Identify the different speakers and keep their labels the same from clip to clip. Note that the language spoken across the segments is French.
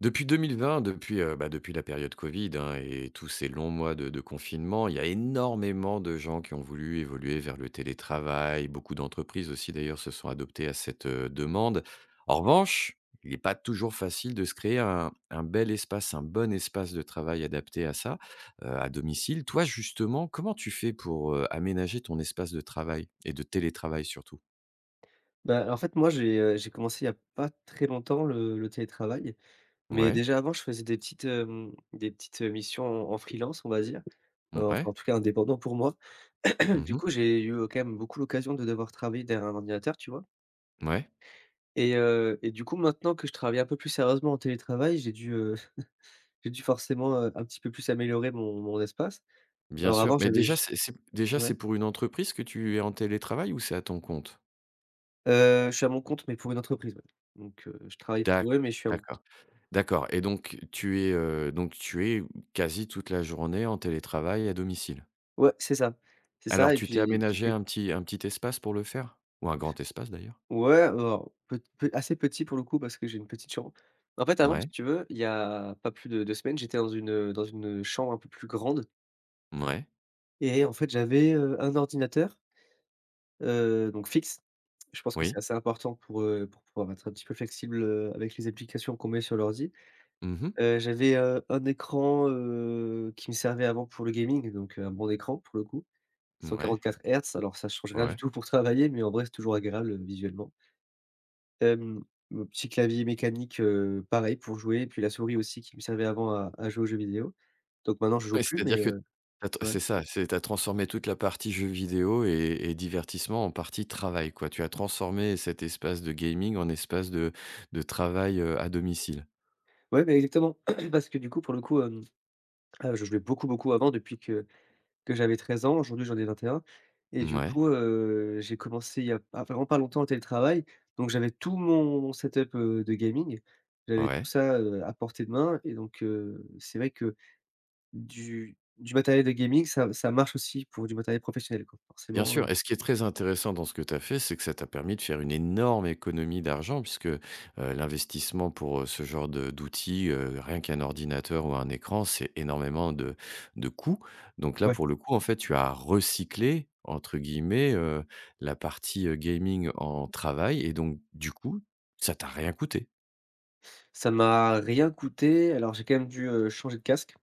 Speaker 1: Depuis 2020, depuis, heu, ben, depuis la période covid hein, et et tous ces longs mois de de confinement, il y a énormément de gens qui ont voulu évoluer vers le télétravail. Beaucoup d'entreprises aussi d'ailleurs se sont adoptées à cette, heu, demande. En revanche, il est pas toujours facile de se créer un un bel espace un bon espace de travail adapté à ça, heu, à domicile. Toi justement, comment tu fais pour, heu, aménager ton espace de travail et de télétravail surtout?
Speaker 2: Bah en fait moi, j'ai, heu, j'ai commencé il y a pas très longtemps le le télétravail, mais
Speaker 1: Ouais.
Speaker 2: déjà, avant je faisais des petites, hem, des petites missions en en freelance on va dire. Heu, enfin
Speaker 1: Mouais.
Speaker 2: en tout cas indépendant pour moi.
Speaker 1: Mmh
Speaker 2: Du
Speaker 1: mh.
Speaker 2: coup j'ai eu quand même beaucoup l'occasion de devoir travailler derrière un ordinateur, tu vois?
Speaker 1: Mouais.
Speaker 2: Et heu, et du coup maintenant que je travaille un peu plus sérieusement en télétravail, j'ai dû, heu, j'ai dû forcément, heu, un petit peu plus améliorer mon mon espace.
Speaker 1: Bien
Speaker 2: Alors
Speaker 1: sûr,
Speaker 2: avant,
Speaker 1: mais
Speaker 2: j'avais
Speaker 1: déjà,
Speaker 2: juste
Speaker 1: c'est c'est déjà, c'est
Speaker 2: ouais?
Speaker 1: pour une entreprise que tu es en télétravail ou c'est à ton compte?
Speaker 2: Heu, je suis à mon compte, mais pour une entreprise, ouais, donc, heu, je travaille
Speaker 1: D'acc
Speaker 2: pour eux, mais je suis à mon compte.
Speaker 1: d'accord d'accord et donc tu es, heu, donc tu es quasi toute la journée en télétravail à domicile?
Speaker 2: Ouais, c'est ça c'est ça
Speaker 1: Alors
Speaker 2: et
Speaker 1: tu t'es
Speaker 2: puis, ce qui
Speaker 1: aménagé
Speaker 2: fait
Speaker 1: un petit un petit espace pour le faire ou un grand espace d'ailleurs?
Speaker 2: Ouais alors pet pet assez petit pour le coup parce que j'ai une petite chambre. En fait, avant, si
Speaker 1: Ouais.
Speaker 2: tu veux, il y a pas plus de 2 semaines, j'étais dans une heu dans une, heu, chambre un peu plus grande
Speaker 1: Mouais.
Speaker 2: et en fait j'avais, heu, un ordinateur heu, donc fixe. Je pense que c'est
Speaker 1: Oui.
Speaker 2: assez important pour, heu, pour pouvoir être un petit peu flexible, heu, avec les applications qu'on met sur l'ordi.
Speaker 1: Mmh mh.
Speaker 2: Heu, j'avais, heu, 1 écran, heu, qui me servait avant pour le gaming, donc un bon écran pour le coup. cent
Speaker 1: Mouais.
Speaker 2: quarante-quatre hertz, alors ça change rien du
Speaker 1: Ouais.
Speaker 2: tout pour travailler mais en vrai c'est toujours agréable, heu, visuellement. Hem un petit clavier mécanique heu, pareil pour jouer et puis la souris aussi qui me servait avant à à jouer aux jeux vidéo, donc maintenant je joue
Speaker 1: Ouais,
Speaker 2: plus mais,
Speaker 1: c'est-à-dire que tu
Speaker 2: heu,
Speaker 1: as
Speaker 2: ouais
Speaker 1: c'est ça, c'est, tu as transformé toute la partie jeux vidéo et et divertissement en partie travail quoi. Tu as transformé cet espace de gaming en espace de de travail, heu, à domicile.
Speaker 2: Ouais beh exactement parce que du coup, pour le coup hem, heu, je jouais beaucoup, beaucoup avant depuis que que j'avais 13 ans. Aujourd'hui, j'en ai 21 et du
Speaker 1: Mouais.
Speaker 2: coup heu, j'ai commencé il y a p il y a vraiment pas longtemps le télétravail, donc j'avais tout mon set up heu, de gaming. J'avais tout
Speaker 1: Ouais.
Speaker 2: ça, heu, à portée de main et donc, heu, c'est vrai que du du matériel de gaming ça ça marche aussi pour du matériel professionnel quoi,
Speaker 1: Bien
Speaker 2: forcément heu
Speaker 1: sûr et ce qui est très intéressant dans ce que tu as fait, c'est que ça t'a permis de faire une énorme économie d'argent puisque heu, l'investissement pour, heu, ce genre de d'outils, heu, rien qu'un ordinateur ou un écran, c'est énormément de de coûts, donc là,
Speaker 2: Ouais.
Speaker 1: pour le coup, en fait, tu as «recyclé» entre guillemets, heu, la partie, heu, gaming en travail et donc du coup, ça t'a rien coûté?
Speaker 2: Ça m'a rien coûté, alors, j'ai quand même dû, heu, changer de casque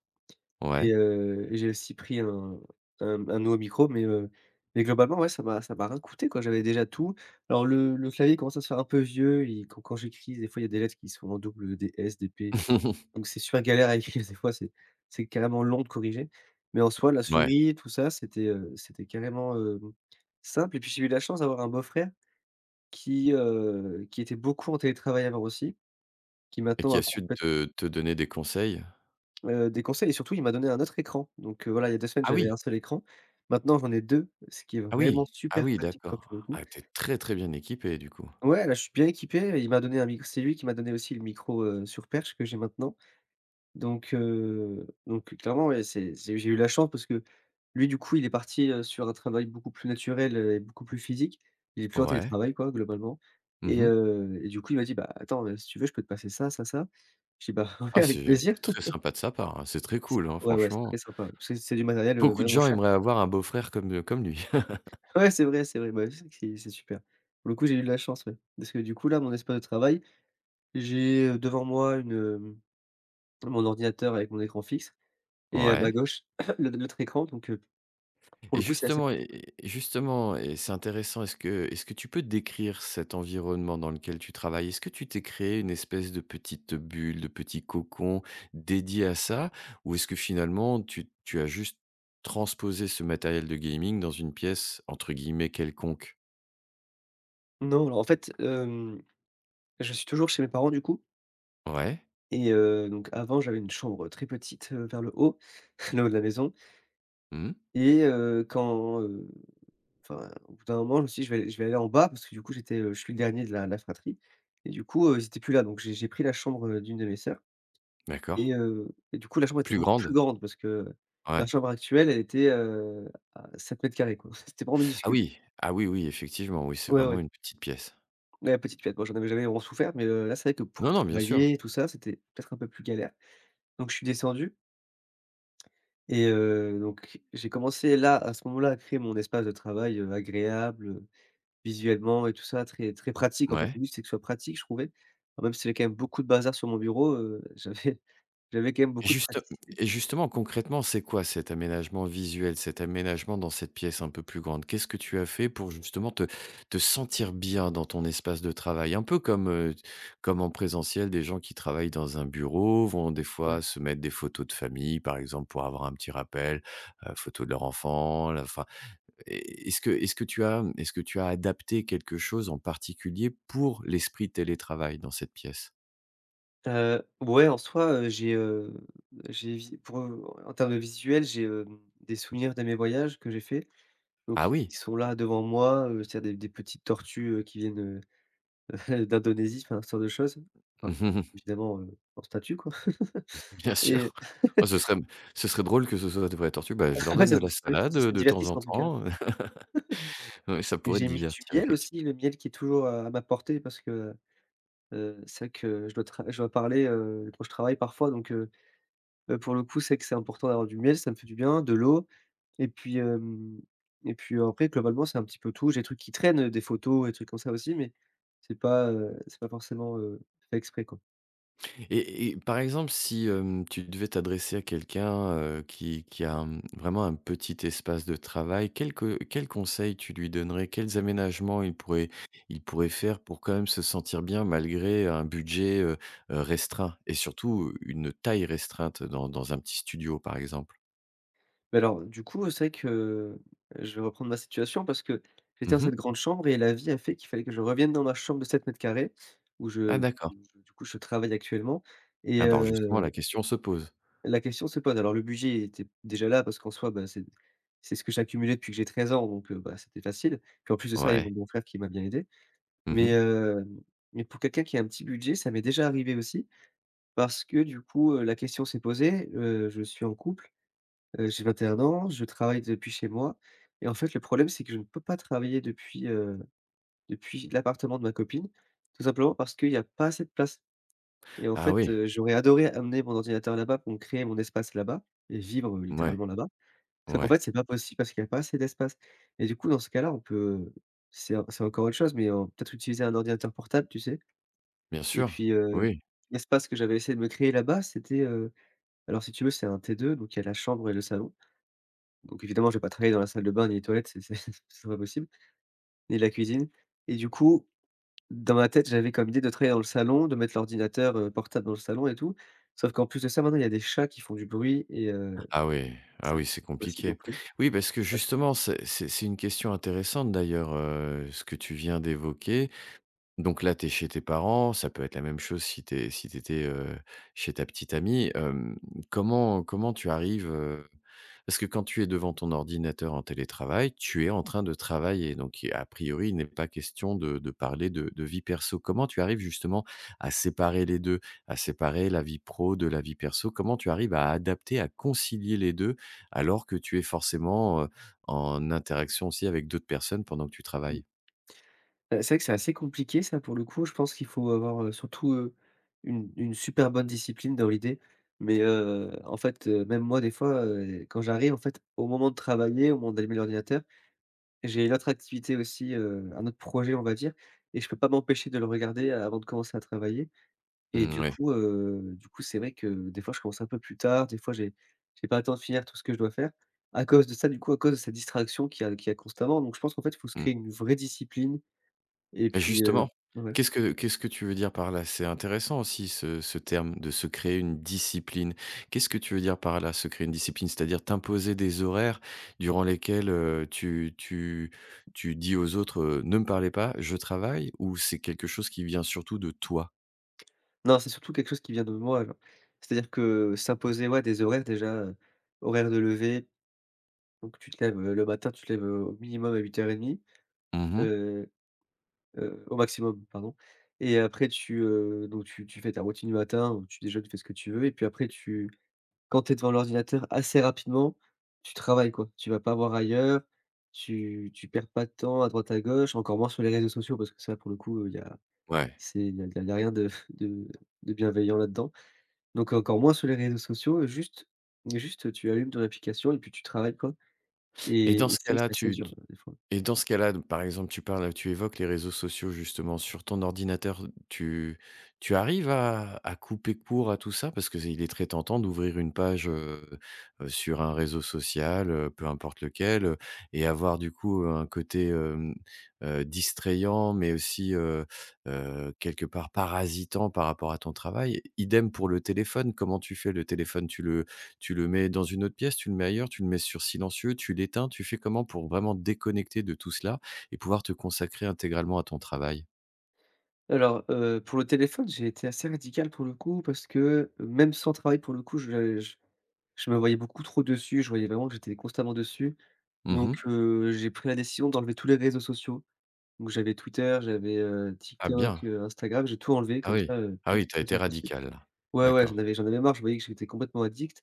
Speaker 2: et
Speaker 1: Ouais.
Speaker 2: heu, et j'ai aussi pris un un un nouveau micro mais, heu, mais globalement, ouais ça m'a ça m'a rien coûté quoi j'avais déjà tout. Alors le le clavier commence à se faire un peu vieux et quand quand j'écris des fois, il y a des lettres qui sont en double, heu, des «S» des «P» donc c'est super galère à écrire des fois, c'est c'est carrément long de corriger, mais en soi, la
Speaker 1: Mouais.
Speaker 2: souris tout ça, c'était, heu, c'était carrément, hem, simple. Et puis j'ai eu la chance d'avoir un beau frère, qui, heu, qui était beaucoup en télétravail, alors aussi, qui
Speaker 1: Et
Speaker 2: maintenant
Speaker 1: qui
Speaker 2: a
Speaker 1: a su
Speaker 2: complèt
Speaker 1: te te donner des conseils?
Speaker 2: Heu, des conseils et surtout il m'a donné un autre écran, donc, heu, voilà, il y a 2 semaines
Speaker 1: Ah
Speaker 2: j'avais
Speaker 1: oui!
Speaker 2: un seul écran. Maintenant j'en ai 2, ce qui est
Speaker 1: Ah
Speaker 2: vraiment
Speaker 1: oui! Ah
Speaker 2: super
Speaker 1: oui,
Speaker 2: pratique, quoi, pour le
Speaker 1: d'accord.
Speaker 2: coup.
Speaker 1: Ah tu es très, très bien équipé du coup.
Speaker 2: Ouais, là, je suis bien équipé, et il m'a donné un mic c'est lui qui m'a donné aussi le micro, heu, sur perche que j'ai maintenant. Donc, heu, donc, heu, clairement ouais, c'est c'est j'ai eu la chance parce que, lui, du coup, il est parti, heu, sur un travail beaucoup plus naturel et beaucoup plus physique. Il est plus en
Speaker 1: Ouais.
Speaker 2: télétravail quoi, globalement
Speaker 1: Mmh
Speaker 2: et
Speaker 1: mh.
Speaker 2: heu, et du coup il m'a dit: «Bah, attends, heu, si tu veux, je peux te passer ça, ça, ça.» je dis: «Bah
Speaker 1: Ah
Speaker 2: ouais avec
Speaker 1: c'est
Speaker 2: plaisir.»
Speaker 1: très sympa de sa part hein, c'est très
Speaker 2: C
Speaker 1: cool hein,
Speaker 2: ouais ouais, c'est
Speaker 1: franchement.
Speaker 2: très sympa, ouais, parce que c'est du matériel, heu,
Speaker 1: Beaucoup de
Speaker 2: vraiment
Speaker 1: gens
Speaker 2: cher!
Speaker 1: aimeraient avoir un beau frère comme, heu, comme lui.
Speaker 2: Ouais c'est vrai, c'est vrai, beh, ouais c'est c'est c'est super. Pour le coup, j'ai eu de la chance, ouais, parce que du coup, là, mon espace de travail. J'ai, heu, devant moi une hem, mon ordinateur avec mon écran fixe et à ma
Speaker 1: Ouais.
Speaker 2: gauche, l'autre l'autre écran, donc, heu, pour
Speaker 1: Et
Speaker 2: le coup c'est assez
Speaker 1: justement,
Speaker 2: pratique.
Speaker 1: et et justement, et c'est intéressant. Est-ce que est-ce que tu peux décrire cet environnement dans lequel tu travailles? Est-ce que tu t'es créé une espèce de petite, heu, bulle, de petit cocon, dédié à ça? Ou est-ce que, finalement, tu tu as juste transposé ce matériel de gaming dans une pièce, entre guillemets, «quelconque»?
Speaker 2: Non, alors en fait, hem, je suis toujours chez mes parents du coup.
Speaker 1: Ouais.
Speaker 2: Et heu, donc avant, j'avais une chambre, heu, très petite, heu, vers le haut le haut de la maison.
Speaker 1: Mmh.
Speaker 2: Et heu, quand, heu, enfin, au bout d'un moment je me suis dit, je vais aller je vais aller en bas parce que du coup, j'étais, heu, je suis le dernier de la de la fratrie et du coup, heu, ils étaient plus là. Donc, j'ai j'ai pris la chambre, heu, d'une de mes sœurs
Speaker 1: D'accord.
Speaker 2: et heu, et du coup, la chambre était
Speaker 1: Plus
Speaker 2: beaucoup plus
Speaker 1: grande?
Speaker 2: grande, parce que ma
Speaker 1: Ouais.
Speaker 2: chambre actuelle, elle était, heu, à 7 mètres carrés quoi, c c'était vraiment
Speaker 1: Ah
Speaker 2: minuscule.
Speaker 1: oui! Ah oui, oui, effectivement. Oui, c'est
Speaker 2: Ouais
Speaker 1: vraiment
Speaker 2: ouais.
Speaker 1: une petite pièce.
Speaker 2: Ouais, petite pièce, moi, j'en avais jamais vraiment souffert, mais, heu, là c'est vrai que pour
Speaker 1: Non non bien sûr.
Speaker 2: travailler et tout ça, c'était peut-être un peu plus galère. Donc je suis descendu et heu, donc j'ai commencé, là, à ce moment-là, à créer mon espace de travail, heu, agréable, heu, visuellement et tout ça très très pratique.
Speaker 1: Mmh.
Speaker 2: En fait,
Speaker 1: Mouais.
Speaker 2: le but c'est que ce soit pratique, je trouvais. Enfin, même s'il y avait quand même beaucoup de bazar sur mon bureau, heu, j'avais j'avais quand même beaucoup de
Speaker 1: Justem
Speaker 2: praticité.
Speaker 1: et justement, concrètement, c'est quoi cet aménagement visuel, cet aménagement dans cette pièce un peu plus grande? Qu'est ce que tu as fait pour, justement, te te sentir bien dans ton espace de travail? Un peu comme, heu, t comme en présentiel, des gens qui travaillent dans un bureau, vont des fois
Speaker 2: Ouais.
Speaker 1: se mettre des photos de famille, par exemple, pour avoir un petit rappel, heu, photo de leur enfant, la enfin, est est-ce que est-ce que tu as, mmh, est-ce que tu as adapté quelque chose en particulier, pour l'esprit télétravail, dans cette pièce?
Speaker 2: Heu, ouais, en soi, heu, j'ai, heu, j'évi pour, heu, en termes de visuel, j'ai, hem, des souvenirs de mes voyages que j'ai fait,
Speaker 1: Ah
Speaker 2: donc
Speaker 1: oui.
Speaker 2: ils sont là, devant moi, heu, c'est il y a des des petites tortues, heu, qui viennent, heu, d'Indonésie, enfin, ce genre de choses, enfin, évidemment, heu, en statue quoi
Speaker 1: Bien
Speaker 2: et
Speaker 1: sûr! Oh ce serait m ce serait drôle que ce soit de vraies tortues: «Bah je leur
Speaker 2: ouais
Speaker 1: donne
Speaker 2: ça
Speaker 1: de
Speaker 2: ce
Speaker 1: la
Speaker 2: serait
Speaker 1: salade,
Speaker 2: ce
Speaker 1: heu,
Speaker 2: serait
Speaker 1: de temps en
Speaker 2: divertissant en tout cas.
Speaker 1: temps.» Ouais ça pourrait te
Speaker 2: J'ai mis du
Speaker 1: divertir
Speaker 2: miel
Speaker 1: effecti
Speaker 2: aussi, le miel qui est toujours, heu, à ma portée parce que, heu heu, c'est vrai que je dois tra je dois parler, heu, quand je travaille parfois donc, heu heu, pour le coup, c'est que c'est important d'avoir du miel, ça me fait du bien, de l'eau et puis, hem, et puis après globalement c'est un petit peu tout, j'ai des trucs qui traînent, heu, des photos et trucs comme ça, aussi, mais c'est pas, heu, c'est pas forcément, heu, fait exprès quoi.
Speaker 1: Et et par exemple, si hem, tu devais t'adresser à quelqu'un, heu, qui qui a mmh, vraiment un petit espace de travail. Quels que quels conseils tu lui donnerais? Quels aménagements il pourrait il pourrait faire pour quand même se sentir bien malgré un budget, heu, heu restreint? Et surtout une taille restreinte dans dans un petit studio par exemple?
Speaker 2: Beh alors du coup, c'est vrai que je vais reprendre ma situation parce que, j'étais dans
Speaker 1: Mmh
Speaker 2: cette
Speaker 1: mh.
Speaker 2: grande chambre et la vie a fait qu'il fallait que je revienne dans ma chambre de 7m2 où
Speaker 1: Ah
Speaker 2: je
Speaker 1: d'accord.
Speaker 2: où je du coup je travaille actuellement et
Speaker 1: Ah bah alors justement la
Speaker 2: heu
Speaker 1: question se pose.
Speaker 2: La question se pose. Alors le budget était déjà là, parce qu'en soi bah, c'est c'est ce que j'ai accumulé depuis que j'ai 13 ans donc bah, c'était facile. Puis en plus de ça, il y a mon
Speaker 1: Ouais.
Speaker 2: beau-frère qui m'a bien aidé.
Speaker 1: Mmh
Speaker 2: Mais,
Speaker 1: mh.
Speaker 2: heu, mais pour quelqu'un qui a un petit budget, ça m'est déjà arrivé aussi. Parce que du coup, heu, la question s'est posée. Heu, je suis en couple, heu j'ai 21 ans, je travaille depuis chez moi et en fait le problème c'est que je ne peux pas travailler depuis, heu, depuis l'appartement de ma copine. Tout simplement parce qu'il y a pas assez de place. Et en
Speaker 1: Ah
Speaker 2: fait,
Speaker 1: oui!
Speaker 2: heu, j'aurais adoré amener mon ordinateur là-bas pour me créer mon espace là-bas et vivre
Speaker 1: Mouais,
Speaker 2: littéralement là-bas. Sauf qu'en fait
Speaker 1: ouais.
Speaker 2: c'est pas possible parce qu'il y a pas assez d'espace et du coup dans ce cas-là on peut c'est en c'est encore autre chose mais en peut-être utiliser un ordinateur portable tu sais?
Speaker 1: Bien
Speaker 2: Et
Speaker 1: sûr,
Speaker 2: puis, heu,
Speaker 1: oui.
Speaker 2: l'espace que j'avais essayé de me créer là-bas, c'était, heu alors si tu veux c'est un T2 donc il y a la chambre et le salon. Donc évidemment je vais pas travailler dans la salle de bains ni les toilettes, c'est c'est c'est pas possible, ni la cuisine et du coup dans ma tête, j'avais comme idée de travailler dans le salon, de mettre l'ordinateur, heu, portable dans le salon et tout. Sauf qu'en plus de ça maintenant, il y a des chats qui font du bruit et heu,
Speaker 1: Ah oui, ah
Speaker 2: ça
Speaker 1: oui,
Speaker 2: c'est
Speaker 1: c'est
Speaker 2: pas possible non
Speaker 1: compliqué.
Speaker 2: plus.
Speaker 1: Oui parce que
Speaker 2: Ouais.
Speaker 1: justement c'est c'est c'est une question intéressante d'ailleurs, heu, ce que tu viens d'évoquer. Donc là, tu es chez tes parents. Ça peut être la même chose si tu es si tu étais, heu, chez ta petite amie. Hem comment comment tu arrives, heu parce que quand tu es devant ton ordinateur en télétravail, tu es en train de travailler. Donc à priori il n'est pas question de de parler de de vie perso. Comment tu arrives justement à séparer les 2? À séparer la vie pro de la vie perso? Comment tu arrives à adapter, à concilier les 2 alors que tu es forcément en interaction aussi avec d'autres personnes pendant que tu
Speaker 2: Mmh.
Speaker 1: travailles?
Speaker 2: Heu, c'est vrai que c'est assez compliqué ça pour le coup je pense qu'il faut avoir, heu, surtout, heu, une une super bonne discipline dans l'idée. Mais, heu, en fait même moi des fois, heu, quand j'arrive en fait au moment de travailler, au moment d'allumer l'ordinateur. J'ai une autre activité aussi, heu, un autre projet on va dire et je peux pas m'empêcher de le regarder avant de commencer à travailler. Et
Speaker 1: Mmh
Speaker 2: du
Speaker 1: ouais.
Speaker 2: coup, heu, du coup c'est vrai que des fois je commence un peu plus tard. Des fois j'ai j'ai pas le temps de finir tout ce que je dois faire à cause de ça du coup, à cause de cette distraction qui a qui a constamment. Donc je pense qu'en fait il faut se
Speaker 1: Mmh.
Speaker 2: créer une vraie discipline et
Speaker 1: Et
Speaker 2: puis, heu
Speaker 1: justement!
Speaker 2: ouais.
Speaker 1: Qu'est-ce que qu'est-ce que tu veux dire par là? C'est intéressant aussi ce ce terme de se créer une discipline. Qu'est-ce que tu veux dire par là, se créer une discipline? C'est-à-dire t'imposer des horaires durant lesquels, heu, tu tu tu dis aux autres: «Heu, ne me parlez pas, je travaille»? Ou c'est quelque chose qui vient surtout de toi?
Speaker 2: Non, c'est surtout quelque chose qui vient de moi, genre. C'est-à-dire que s'imposer ouais des horaires déjà, heu, horaires de lever. Donc tu te lèves, heu, le matin, tu te lèves, heu, au minimum à 8:30
Speaker 1: Mmh mh.
Speaker 2: heu, heu au maximum pardon. Et après tu, heu, donc tu tu fais ta routine du matin où tu déjeunes, tu fais ce que tu veux et puis après tu quand tu es devant l'ordinateur assez rapidement, tu travailles quoi. Tu vas pas voir ailleurs, tu tu perds pas de temps à droite à gauche, encore moins sur les réseaux sociaux parce que ça pour le coup il y a
Speaker 1: Ouais.
Speaker 2: c'est il y a il y a rien de de de bienveillant là-dedans. Donc encore moins sur les réseaux sociaux. Juste juste tu allumes ton application et puis tu travailles quoi
Speaker 1: Et
Speaker 2: et
Speaker 1: dans ce
Speaker 2: c'est vrai que
Speaker 1: cas-là,
Speaker 2: c'est assez
Speaker 1: tu
Speaker 2: dur,
Speaker 1: t
Speaker 2: heu, des fois.
Speaker 1: et dans ce cas-là, d par exemple, tu parles, tu évoques les réseaux sociaux justement sur ton ordinateur. Tu tu arrives à à couper court à tout ça? Parce qu'il est très tentant d'ouvrir une page, heu, heu, sur un réseau social, heu, peu importe lequel, heu et avoir du coup un côté hem, heu, distrayant mais aussi, heu, heu quelque part parasitant par rapport à ton travail. Idem pour le téléphone. Comment tu fais le téléphone? Tu le tu le mets dans une autre pièce? Tu le mets ailleurs? Tu le mets sur silencieux? Tu l'éteins? Tu fais comment pour vraiment déconnecter de tout cela et pouvoir te consacrer intégralement à ton travail?
Speaker 2: Alors, heu, pour le téléphone, j'ai été assez radical pour le coup parce que, même sans travail pour le coup, je j je me voyais beaucoup trop dessus. Je voyais vraiment que j'étais constamment dessus.
Speaker 1: Mmh
Speaker 2: Donc,
Speaker 1: mh.
Speaker 2: heu, j'ai pris la décision d'enlever tous les réseaux sociaux. Donc, j'avais Twitter, j'avais, heu,
Speaker 1: Ah,
Speaker 2: TikTok,
Speaker 1: bien.
Speaker 2: heu, Instagram. J'ai tout enlevé
Speaker 1: Ah,
Speaker 2: comme
Speaker 1: oui.
Speaker 2: ça, heu,
Speaker 1: Ah,
Speaker 2: plus de
Speaker 1: oui. Tu as été
Speaker 2: distraction possible.
Speaker 1: radical-là.
Speaker 2: Ouais, ouais, j'en
Speaker 1: D'accord.
Speaker 2: avais j'en avais marre. Je voyais que j'étais complètement addict.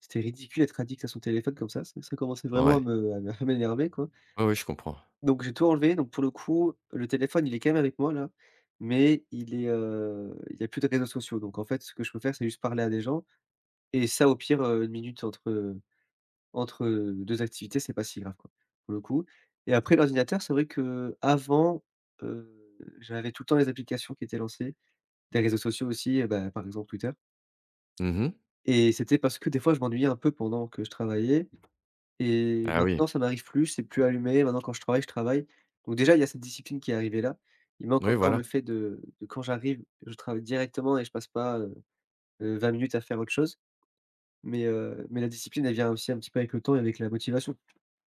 Speaker 2: C'était ridicule d'être addict à son téléphone comme ça. Ça ça commençait vraiment à
Speaker 1: Ouais.
Speaker 2: me à m'énerver, quoi.
Speaker 1: Oui, oui. Je comprends.
Speaker 2: Donc, j'ai tout enlevé. Donc, pour le coup, le téléphone, il est quand même avec moi, là, mais il est, heu, il y a plus de réseaux sociaux. Donc, en fait, ce que je peux faire, c'est juste parler à des gens et ça, au pire, heu, 1 minute entre, heu, entre, heu, 2 activités, c'est pas si grave, quoi, pour le coup et après, l'ordinateur, c'est vrai qu'avant, heu, j'avais tout le temps les applications qui étaient lancées, des réseaux sociaux aussi, heu, bah, par exemple, Twitter
Speaker 1: Mmh mh.
Speaker 2: et c'était parce que, des fois, je m'ennuyais un peu pendant que je travaillais et
Speaker 1: Ah oui.
Speaker 2: maintenant ça m'arrive plus. C'est plus allumer. Maintenant quand je travaille, je travaille. Donc, déjà, il y a cette discipline qui est arrivée là. Il manque
Speaker 1: Oui,
Speaker 2: encore
Speaker 1: voilà.
Speaker 2: le fait de de quand j'arrive, je travaille directement et je passe pas, heu, heu, 20 minutes à faire autre chose. Mais, heu, mais la discipline elle vient aussi un petit peu avec le temps et avec la motivation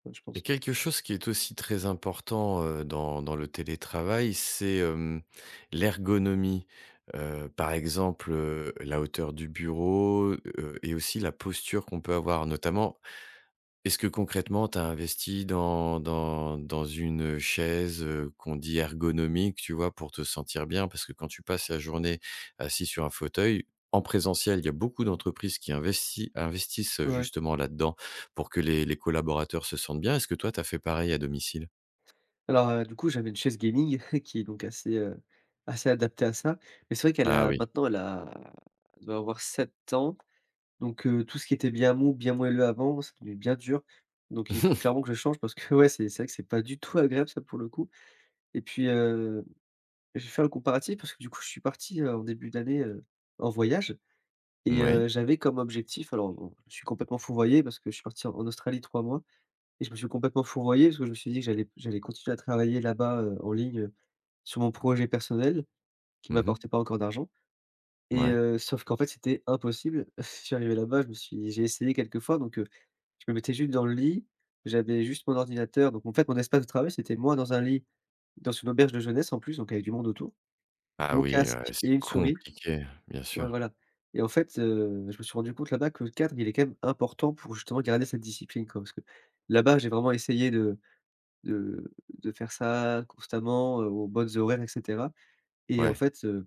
Speaker 2: enfin, je
Speaker 1: Il y
Speaker 2: pense.
Speaker 1: a quelque chose qui est aussi très important, heu, dans dans le télétravail, c'est, hem, l'ergonomie. Heu, par exemple, heu, la hauteur du bureau, heu, et aussi la posture qu'on peut avoir notamment. Est-ce que concrètement, tu as investi dans dans dans une, heu, chaise, heu, qu'on dit ergonomique, tu vois, pour te sentir bien? Parce que quand tu passes la journée assis sur un fauteuil en présentiel, il y a beaucoup d'entreprises qui investi investissent
Speaker 2: Ouais.
Speaker 1: justement là-dans pour que les les collaborateurs se sentent bien. Est-ce que toi, tu as fait pareil à domicile?
Speaker 2: Alors, heu, du coup, j'avais une chaise gaming qui est donc assez, heu, assez adaptée à ça mais c'est vrai qu'elle
Speaker 1: Ah
Speaker 2: a,
Speaker 1: oui.
Speaker 2: maintenant, elle a elle doit avoir 7 ans. Donc, heu, tout ce qui était bien mou, bien moelleux avant, c'est devenu bien dur. Donc, il faut clairement que je change parce que, ouais, c'est c'est vrai que c'est pas du tout agréable ça, pour le coup et puis, heu, j'ai fait un comparatif parce que, du coup, je suis parti, heu, en début d'année, heu, en voyage et
Speaker 1: Moui.
Speaker 2: heu, j'avais comme objectif alors, bon, je suis complètement fourvoyé parce que je suis parti en Australie 3 mois et je me suis complètement fourvoyé parce que je me suis dit que j'allais j'allais continuer à travailler là-bas, heu, en ligne, heu, sur mon projet personnel qui
Speaker 1: Mmh mh.
Speaker 2: m'apportait pas encore d'argent et,
Speaker 1: Mouais.
Speaker 2: heu, sauf qu'en fait, c'était impossible. Je suis arrivé là-bas. Je me suis j'ai essayé quelquefois. Donc, heu, je me mettais juste dans le lit. J'avais juste mon ordinateur. Donc, en fait, mon espace de travail c'était moi dans un lit dans une auberge de jeunesse en plus, donc il y avait du monde autour,
Speaker 1: Ah
Speaker 2: mon
Speaker 1: oui, ouais.
Speaker 2: casque et
Speaker 1: C'est
Speaker 2: une souris
Speaker 1: compliqué. Bien
Speaker 2: ouais,
Speaker 1: sûr.
Speaker 2: voilà et en fait, heu, je me suis rendu compte là-bas que le cadre, il est quand même important pour justement garder cette discipline, quoi. Parce que, là-bas, j'ai vraiment essayé de de de faire ça constamment, heu, aux bonnes horaires et cetera et en
Speaker 1: Ouais.
Speaker 2: fait, heu,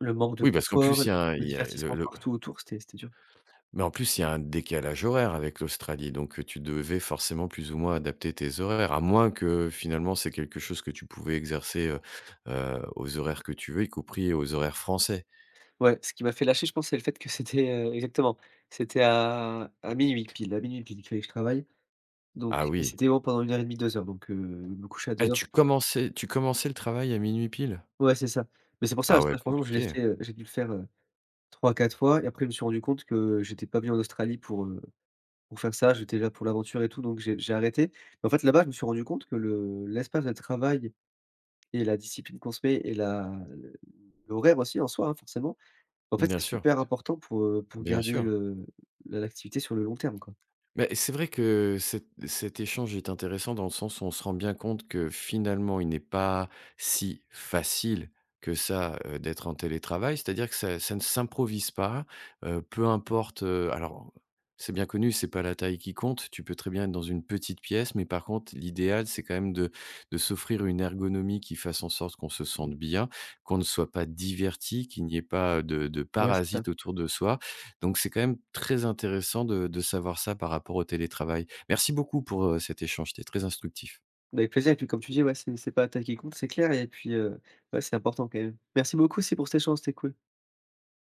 Speaker 2: le manque de
Speaker 1: Oui, parce qu'en
Speaker 2: confort,
Speaker 1: plus il y a un
Speaker 2: le
Speaker 1: il y a le
Speaker 2: divertissement
Speaker 1: le
Speaker 2: partout autour, c'était c'était dur.
Speaker 1: Mais en plus, il y a un décalage horaire avec l'Australie. Donc, tu devais forcément plus ou moins adapter tes horaires. À moins que, finalement, c'est quelque chose que tu pouvais exercer, heu, heu, aux horaires que tu veux, y compris aux horaires français?
Speaker 2: Ouais. Ce qui m'a fait lâcher, je pense, c'est le fait que c'était, heu, exactement, c'était à à 00:00 pile à 00:00 pile qu'il fallait que je travaille.
Speaker 1: Ah,
Speaker 2: Donc,
Speaker 1: oui.
Speaker 2: c'était bon pendant une 1 heure et demi, 2 heures. Donc, heu, me couchais à
Speaker 1: Et
Speaker 2: 2:00
Speaker 1: tu commençais tu commençais le travail à 00:00 pile?
Speaker 2: Ouais, c'est ça. Mais, c'est pour ça,
Speaker 1: Ah
Speaker 2: ce
Speaker 1: ouais,
Speaker 2: taff franchement je l'ai
Speaker 1: compliqué.
Speaker 2: fait, heu j'ai dû le faire, heu, 3-4 fois et après, je me suis rendu compte que j'étais pas venu en Australie pour, heu, pour faire ça. J'étais là pour l'aventure et tout donc j'ai j'ai arrêté. Mais, en fait, là-bas, je me suis rendu compte que le l'espace de travail et la discipline qu'on se met et la le l'horaire aussi en soi, hein, forcément, en fait,
Speaker 1: Bien
Speaker 2: c'est
Speaker 1: sûr.
Speaker 2: super important pour, heu, pour
Speaker 1: Bien
Speaker 2: garder
Speaker 1: sûr.
Speaker 2: le l'activité sur le long terme, quoi.
Speaker 1: Beh, c'est vrai que cet cet échange est intéressant dans le sens où on se rend bien compte que, finalement, il n'est pas si facile que ça, heu, d'être en télétravail. C'est-à-dire que ça, ça ne s'improvise pas, heu, peu importe, heu alors, c'est bien connu, c'est pas la taille qui compte. Tu peux très bien être dans une petite pièce, mais, par contre, l'idéal, c'est quand même de de s'offrir une ergonomie qui fasse en sorte qu'on se
Speaker 2: Mmh.
Speaker 1: sente bien, qu'on ne soit pas diverti, qu'il n'y ait pas de de
Speaker 2: Ouais, c'est ça.
Speaker 1: parasites autour de soi. Donc, c'est quand même très intéressant de de savoir ça par rapport au télétravail. Merci beaucoup pour, heu, cet échange. C'était très instructif.
Speaker 2: Bah, avec plaisir et puis, comme tu dis, ouais, c'est c'est pas la taille qui compte. C'est clair et puis, heu, ouais, c'est important quand même. Merci beaucoup aussi pour cet échange. C'était cool.